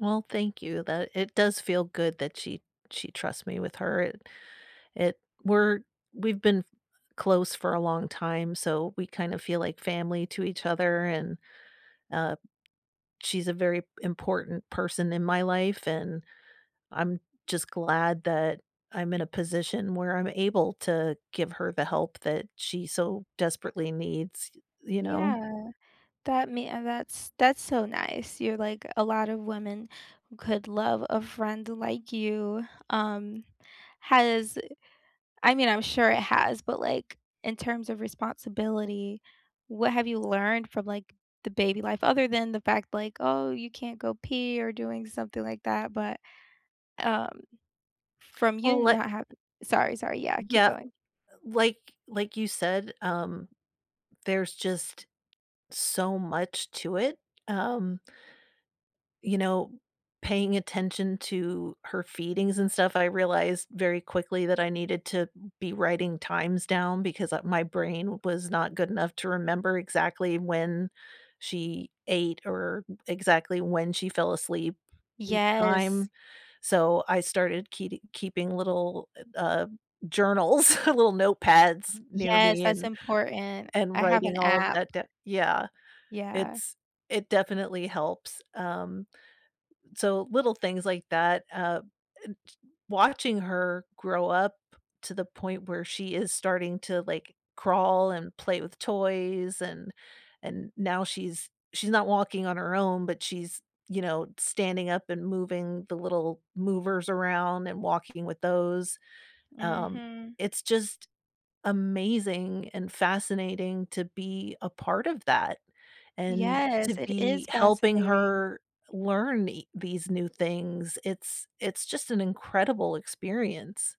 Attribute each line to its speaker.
Speaker 1: Well, thank you that it does feel good that she she trusts me with her it it we're we've been f close for a long time, so we kinda feel like family to each other, and, uh, she's a very important person in my life, and I'm just glad that I'm in a position where I'm able to give her the help that she so desperately needs, y you know?
Speaker 2: Yeah. That me uh, that's that's so nice, you're, like a lot of women could love a friend like you um, has I mean, I'm sure it has, but, like, in terms of responsibility, what have you learned from, like, the baby life other than the fact like, oh, you can't go pee or doing something like that, but, um, from
Speaker 1: Well,
Speaker 2: you
Speaker 1: li
Speaker 2: not havi Sorry, sorry, yeah, keep
Speaker 1: Yeah,
Speaker 2: going.
Speaker 1: uh, like like you said, um, there's just so much to it, um you know, paying attention to her feedings and stuff, I realized very quickly that I needed to be writing times down because, uh, my brain was not good enough to remember exactly when she ate or exactly when she fell asleep each
Speaker 2: Yes.
Speaker 1: time, so I started keeti keeping little, eh, uh, journals, little notepads near
Speaker 2: Yes,
Speaker 1: me
Speaker 2: that's
Speaker 1: and
Speaker 2: important.
Speaker 1: and
Speaker 2: I have an
Speaker 1: writing all of
Speaker 2: app.
Speaker 1: that d Yeah.
Speaker 2: Yeah.
Speaker 1: Its It definitely helps, um, so, little things like that, uh, and ch watching her grow up to the point where she is starting to, like, crawl and play with toys and and now she's she's not walking on her own, but she's, you know, standing up and moving the little movers around and walking with those, um,
Speaker 2: Mhm.
Speaker 1: it's just amazing and fascinating to be a part of that and to
Speaker 2: Yes, it
Speaker 1: be
Speaker 2: is
Speaker 1: helping
Speaker 2: fascinating.
Speaker 1: her learn e these new things, it's it's just an incredible experience.